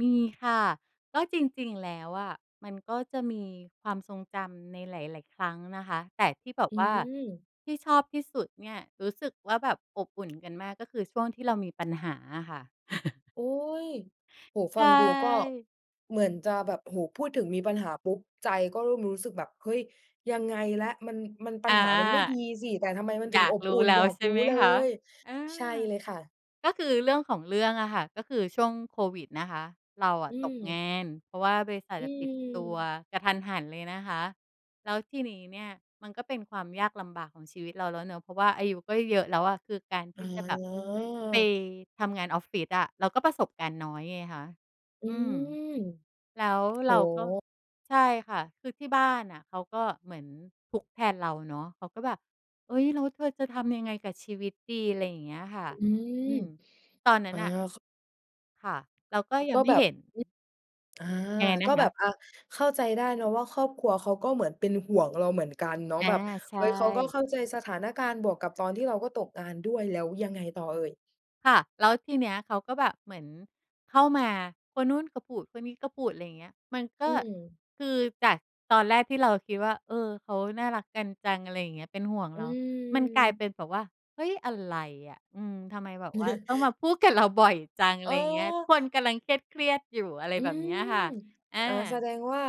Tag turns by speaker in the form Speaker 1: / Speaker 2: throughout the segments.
Speaker 1: มีค่ะ ก็จริง ๆ แล้วอะ มันก็จะมีความทรงจำในหลาย ๆ ครั้งนะคะ แต่ที่แบบ
Speaker 2: อื
Speaker 1: ว่า
Speaker 2: ม
Speaker 1: ที่ชอบที่สุดเนี่ย รู้สึกว่า แบบอบอุ่น กันมากก็คือช่วงที่เรามีปัญหาอะค่ะ
Speaker 2: โอ๊ย โอ้โฮ
Speaker 1: ใ
Speaker 2: ฟ
Speaker 1: ช
Speaker 2: ังดูก็
Speaker 1: ่
Speaker 2: เหมือนจะแบบ โอ้โฮ พูดถึง มีปัญหาปุ๊บ ใจก็เริ่มรู้สึกแบบ เฮ้ย ยังไงแล้ว มัน มัน ปั
Speaker 1: อา
Speaker 2: ญหามันไม่ดีสิ แต่ทำไมมัน
Speaker 1: อ
Speaker 2: ถึ
Speaker 1: ย
Speaker 2: ง
Speaker 1: า
Speaker 2: อ
Speaker 1: ก
Speaker 2: บ
Speaker 1: ร
Speaker 2: อ
Speaker 1: ู
Speaker 2: ุ
Speaker 1: ้
Speaker 2: ่น
Speaker 1: แล้
Speaker 2: อย
Speaker 1: ว
Speaker 2: าก
Speaker 1: ใช่
Speaker 2: รู้
Speaker 1: ไหม
Speaker 2: เล
Speaker 1: คะ?
Speaker 2: ย
Speaker 1: อา
Speaker 2: ใช่เลยค่ะ
Speaker 1: ก็คือ เรื่องของเรื่องอะค่ะ ก็คือช่วงโควิดนะคะ เราอ
Speaker 2: อ
Speaker 1: ะ
Speaker 2: ื
Speaker 1: ตกง
Speaker 2: ม
Speaker 1: าน เพราะว่าบริษัท
Speaker 2: อื
Speaker 1: อะปิดตัว
Speaker 2: ม
Speaker 1: กะทันหันเลยนะคะ แล้วทีนี้เนี่ย มันก็เป็นความยากลำบากของชีวิตเราแล้วเนาะ เพราะว่าอายุก็เยอะแล้วอะ คือการท
Speaker 2: อ
Speaker 1: ี
Speaker 2: ๋
Speaker 1: ่จะแบบ ไป
Speaker 2: อ
Speaker 1: ทำงานออฟฟิศอะ เราก็ประสบการณ์น้อยไงคะ
Speaker 2: อื
Speaker 1: อืม
Speaker 2: ม
Speaker 1: แล้ว
Speaker 2: โ
Speaker 1: เ
Speaker 2: อ
Speaker 1: ร
Speaker 2: ้
Speaker 1: าก็
Speaker 2: โฮ
Speaker 1: ใช่ค่ะ คือที่บ้านน่ะเขาก็เหมือนทุกข์แทนเราเนาะ เขาก็แบบ "เฮ้ย แล้วเธอจะทำยังไงกับชีวิตดี?" ไรอย่างเงี้ยค่ะ
Speaker 2: อื
Speaker 1: อื
Speaker 2: ม
Speaker 1: ม ตอนนั้
Speaker 2: อ
Speaker 1: น
Speaker 2: า
Speaker 1: น่ะ
Speaker 2: ข
Speaker 1: ค่ะ เราก็ยั
Speaker 2: ก
Speaker 1: ง
Speaker 2: ็
Speaker 1: ไม่
Speaker 2: แบบ
Speaker 1: เห็น
Speaker 2: อา
Speaker 1: ยังไงน
Speaker 2: ก็
Speaker 1: ะค
Speaker 2: แบบ
Speaker 1: ะ?
Speaker 2: อะ เข้าใจได้เนาะว่า ครอบครัวเขาก็เหมือนเป็นห่วงเราเหมือนกันเนาะ
Speaker 1: อา
Speaker 2: แบบ
Speaker 1: ใช
Speaker 2: เฮ้ย เขาก็
Speaker 1: ่
Speaker 2: เข้าใจสถานการณ์ บวกกับตอนที่เราก็ตกงานด้วย แล้วยังไงต่อเอ่ย?
Speaker 1: ค่ะ แล้วทีเนี้ยเขาก็แบบเหมือนเข้ามา คนนู้นก็พูด คนนี้ก็พูด ไรเงี้ย มันก
Speaker 2: อ
Speaker 1: ็
Speaker 2: ืม
Speaker 1: คือจากตอนแรกที่เราคิดว่า เออ เขาน่ารักกันจัง อะไรอย่างเงี้ย เป็นห่วง
Speaker 2: อ
Speaker 1: เ
Speaker 2: ื
Speaker 1: รา มันกลายเป
Speaker 2: ม
Speaker 1: ็นแบบว่า เฮ้ย อะไรอะ อืม ทำไมแบบว่าต้องมาพูดกับเราบ่อยจัง อ
Speaker 2: อ
Speaker 1: ะไ
Speaker 2: ๋
Speaker 1: รเงี้ย
Speaker 2: อ
Speaker 1: คนกำลังเครียด ๆ อยู่ อะไร
Speaker 2: อื
Speaker 1: แบบเน
Speaker 2: ม
Speaker 1: ี้ยค่ะ อ
Speaker 2: อ่า แส
Speaker 1: า
Speaker 2: ดงว่า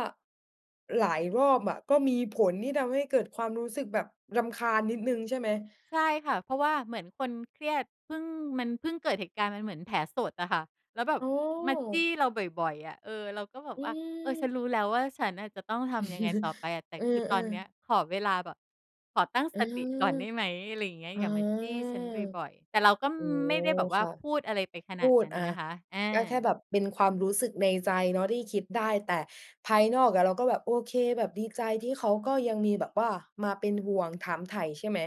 Speaker 2: หลายรอบอะก็มีผลที่ทำให้เกิดความรู้สึกแบบรำคาญนิดหนึ่ง ใช่ไหม?
Speaker 1: ใช่ค่ะ เพราะว่าเหมือนคน เครียด พึ่ง มันเพิ่งเกิดเหตุการณ์ มันเหมือนแผลสดอะค่ะ แล้วแบบ
Speaker 2: อ๋อ
Speaker 1: มาจี้เราบ่อย ๆ อะ เออ เราก็แบ
Speaker 2: อ
Speaker 1: บ
Speaker 2: ื
Speaker 1: ว่า อะ เออ ฉ
Speaker 2: ม
Speaker 1: ันรู้แล้วว่า ฉันน่ะจะต้องทำยังไงต่อไปอะ? แต่
Speaker 2: เออ
Speaker 1: คือตอนเนี้ย
Speaker 2: ๆ
Speaker 1: ขอเวลาแบบ ขอตั้ง
Speaker 2: เอ
Speaker 1: ส
Speaker 2: อ
Speaker 1: ติก่อนได้ไหม? อะไรเงี้ย
Speaker 2: อ๋อ
Speaker 1: อย่ามาจี้ฉันบ่อย ๆ แต่เราก็ ม
Speaker 2: อ๋อ
Speaker 1: ไม่ได้แบบว่
Speaker 2: ค
Speaker 1: า
Speaker 2: ่ะ
Speaker 1: พูดอะไรไปข
Speaker 2: พ
Speaker 1: นาด
Speaker 2: ู
Speaker 1: น
Speaker 2: ด
Speaker 1: ั้น
Speaker 2: อะ
Speaker 1: นะคะ อา
Speaker 2: ก็แค่แบบเป็นความรู้สึกในใจเนาะ ที่คิดได้ แต่ภายนอกอะเราก็แบบ โอเค แบบดีใจที่เขาก็ยังมีแบบว่ามาเป็นห่วง ถามไถ่ ใช่ไหม?